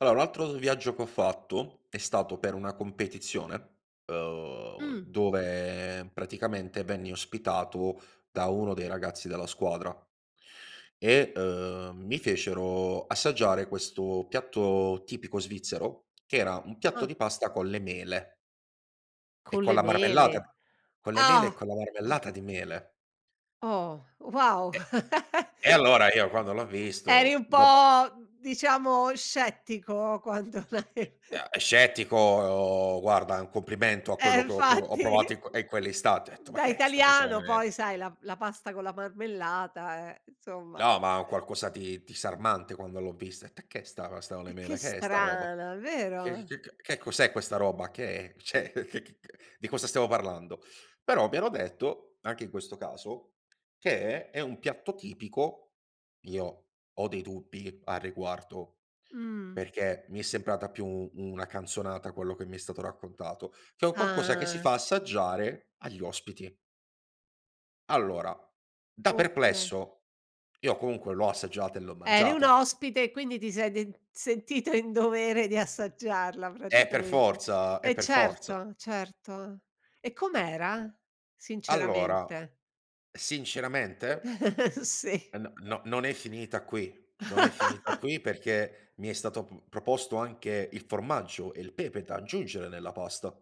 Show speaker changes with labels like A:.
A: Allora un altro s viaggio che ho fatto, è stato per una competizione, uhm,
B: Mh.
A: dove praticamente venni ospitato da uno dei ragazzi della squadra, e, ehm, mi fecero assaggiare questo piatto tipico svizzero, che era un piatto
B: Ah!
A: di pasta con le mele. E
B: Con
A: con
B: le
A: la
B: mele?
A: marmellata. Con le mele e
B: Ah!
A: con la
B: Ah.
A: marmellata di mele.
B: Oh! Wow!
A: Eh. E allora io quando l'ho
B: E eri
A: visto,
B: un
A: dopo
B: po', diciamo scettico quando l'hai
A: Ea eh, scettico, guarda è un complimento a
B: Eh
A: quello che ho provo ho
B: infatti.
A: provato in que ehm, quell'istante. Ho detto: "Ma
B: Da
A: che è sta cosa con le
B: italiano
A: ve"
B: poi sai la p la pasta con la marmellata eh, insomma.
A: No, ma è un qualcosa di disarmante quando l'ho vista. Det "E ch'è sta pasta con le
B: Eh che
A: mele? Che è sta roba?
B: strana,
A: Che
B: vero?
A: che che cos'è questa roba? Che è? Cioè c c c di cosa stiamo parlando?" Però mi hanno detto, anche in questo caso, che è un piatto tipico- io ho dei dubbi a riguardo
B: Mh.
A: perché mi è sembrata più una canzonata quello che mi è stato raccontato- che è un qualcosa che si
B: Ah.
A: fa assaggiare agli ospiti. Allora da
B: Oka
A: perplesso, io comunque l'ho assaggiata e l'ho
B: Eri un
A: mangiata.
B: ospite e quindi ti sei d sentita in dovere di assaggiarla
A: È per
B: praticamente.
A: forza è
B: E
A: per forza.
B: certo! Certo. E com'era?
A: Allora.
B: Sinceramente.
A: Sinceramente?
B: Si.
A: N no, non è finita qui, non è finita qui, perché mi è stato p proposto anche il formaggio e il pepe da aggiungere nella pasta.